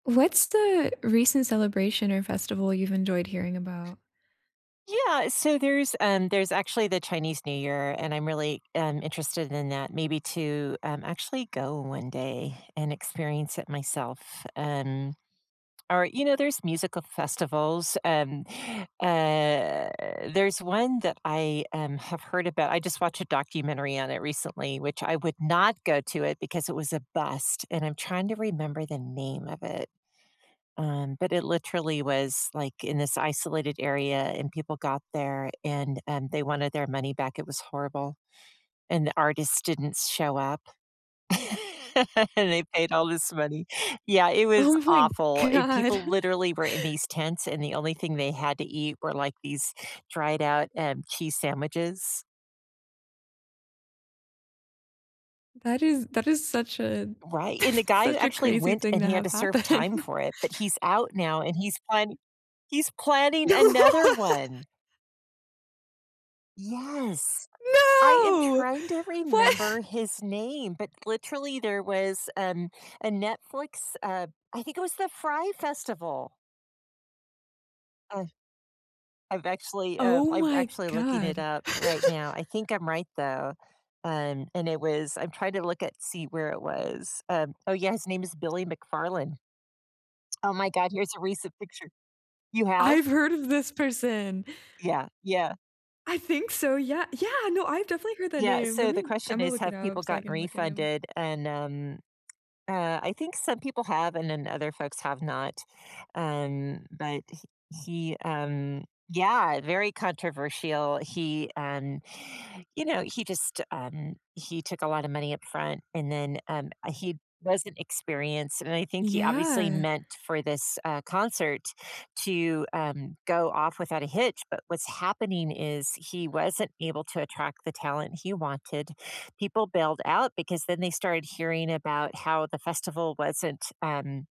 What's the recent celebration or festival you've enjoyed hearing about? Yeah. So there's, um, there's actually the Chinese New Year, and I'm really, um, interested in that, maybe to, um, actually go one day and experience it myself. Um, or, you know, there's musical festivals, um, eh, there's one that I, um, have heard about. I just watched a documentary on it recently, which I would not go to it because it was a bust, and I'm trying to remember the name of it. Um, but it literally was, like, in this isolated area, and people got there, and, um, they wanted their money back. It was horrible. And the artist didn't s show up, and they paid all this money. Yeah, it was Oh my awful. It god. people literally were in these tents, and the only thing they had to eat were, like, these dried out, um, cheese sandwiches. That is that is such a Right. And the guy who such a actually crazy went thing and to he had have to serve happen. time for it, but he's out now and he's plani he's planning No. another one! Yes. I am No! trying to remember What? his name, but literally there was, um, a Netflix uh, I think it was the Fry Festival. Uh, I'm actually uh, Oh I'm my actually looking it god. up right now. I think I'm right though. Um, and it was I'm trying to look at, see where it was. Um, oh yeah. His name is Billy McFarlane. Oh my God. Here's a recent picture. You I've have? heard of this person. Yeah. Yeah. I think so. Yeah. Yeah! No, I've definitely heard that Yeah. name. So the Lemme question Imma is, look it have people up so I gotten can look at him. refunded? And, um, uh, I think some people have and then other folks have not. Um, but h he, um yeah, very controversial. He, um, you know, he just, um, he took a lotta money up front, and, then, um, uh, he wasn't experienced. And I think he obviously Yeah. meant for this, uh, concert to, um, go off without a hitch, but what's happening is he wasn't able to attract the talent he wanted. People bailed out because then they started hearing about how the festival wasn't, um